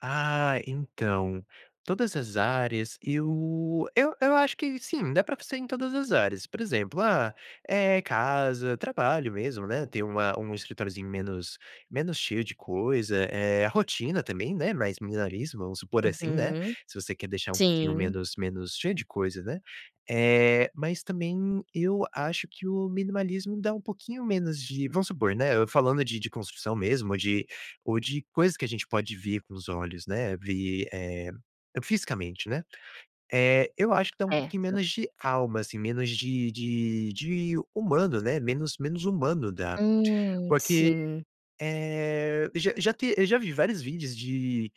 Ah, então, todas as áreas eu eu eu acho que sim, dá para fazer em todas as áreas, por exemplo, ah, eh, casa, trabalho mesmo, né, tem uma um escritóriozinho menos menos cheio de coisa, eh, a rotina também, né, mais minimalismo, vamos supor assim, né, Uhum. se você quer deixar um pouquinho Sim. menos menos cheio de coisa, né. Eh, mas também eu acho que o minimalismo dá um pouquinho menos de vamos supor, né, eu falando de de construção mesmo ou de ou de coisa que a gente pode ver com os olhos, né, ver, eh, fisicamente, né. Eh, eu acho que dá um É. pouquinho [unintelligible] menos de alma, assim, menos de de de humano, né, menos menos humano da Hum, porque, sim. eh, já já te eu já vi vários vídeos de,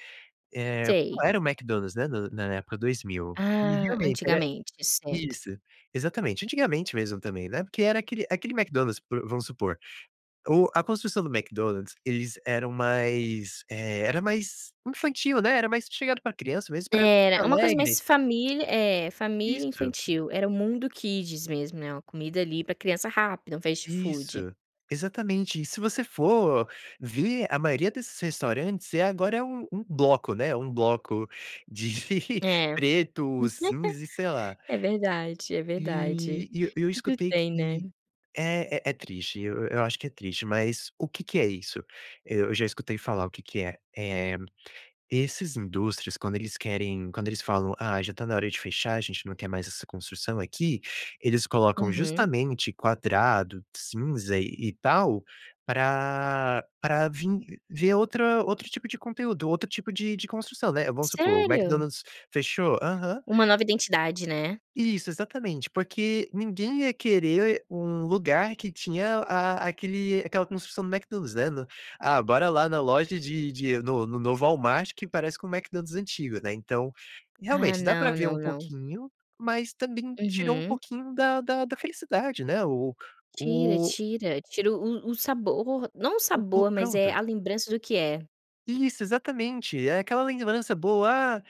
eh, Sei. qual era o McDonald's, né, na na época 2000 e Ah, realmente era antigamente, certo. isso, exatamente. Antigamente mesmo também, né, porque era aquele aquele McDonald's vamos supor, o a construção do McDonald's, eles eram mais, eh, era mais infantil, né, era mais chegado para criança mesmo, para Era. É uma coisa alegre mais família é, família Isso. infantil, era o mundo kids mesmo, né, uma comida ali para criança, rápida, um fast food. Isso, exatamente. E se você for ver, a maioria desses restaurantes é agora, é um um bloco, né, um bloco de É. preto, cinza e sei lá. É verdade, é verdade. E e eu eu Tudo escutei tem, que né. é é é triste, eu eu acho que é triste, mas o que que é isso? Eu já escutei falar o que que é. Eh, esses indústrias, quando eles querem quando eles falam: "Ah, já está na hora de fechar, a gente não quer mais essa construção aqui". Eles colocam Uhum. justamente quadrado, cinza e e tal, para para vim ver outra outro tipo de conteúdo, outro tipo de de construção, né. Vamos supor, o Sério? McDonald's fechou aham. Uma nova identidade, né. Isso, exatamente. Porque ninguém ia querer um lugar que tinha a aquele aquela construção do McDonald's, né, no "Ah, bora lá na loja de de no no novo Walmart que parece com o McDonald's antigo", né, então, Ah, realmente dá para não, ver não, um não. pouquinho, mas também tirou um Uhum. pouquinho da da da felicidade né, o Tira, o tira. Tira o o o sabor. Não o o plu sabor, mas, eh, pronto. a lembrança do que é. Isso, exatamente. É aquela lembrança boa: "Ah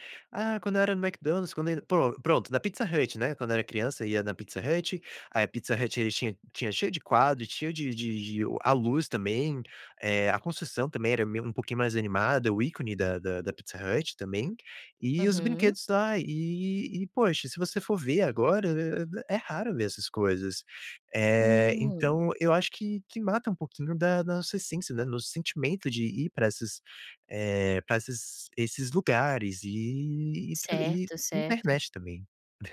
ah, quando eu era no Mcdonald's, quando ainda" Pro pronto, na Pizza Hut, né, quando eu era criança ia na Pizza Hut, aí a Pizza Hut, ele tinha tinha cheio de quadro, cheio de de de o a luz também, eh, a construção também era meio um pouquinho mais animada, o ícone da da da Pizza Hut também e os Uhum. brinquedos lá. E e poxa, se você for ver agora, eh eh eh, é raro ver essas coisas. Eh, Hum. então eu acho que que mata um pouquinho da da nossa essência, né, no sentimento de ir para essas, eh, para essas esses lugares, e e tra e Certo, certo. internet também.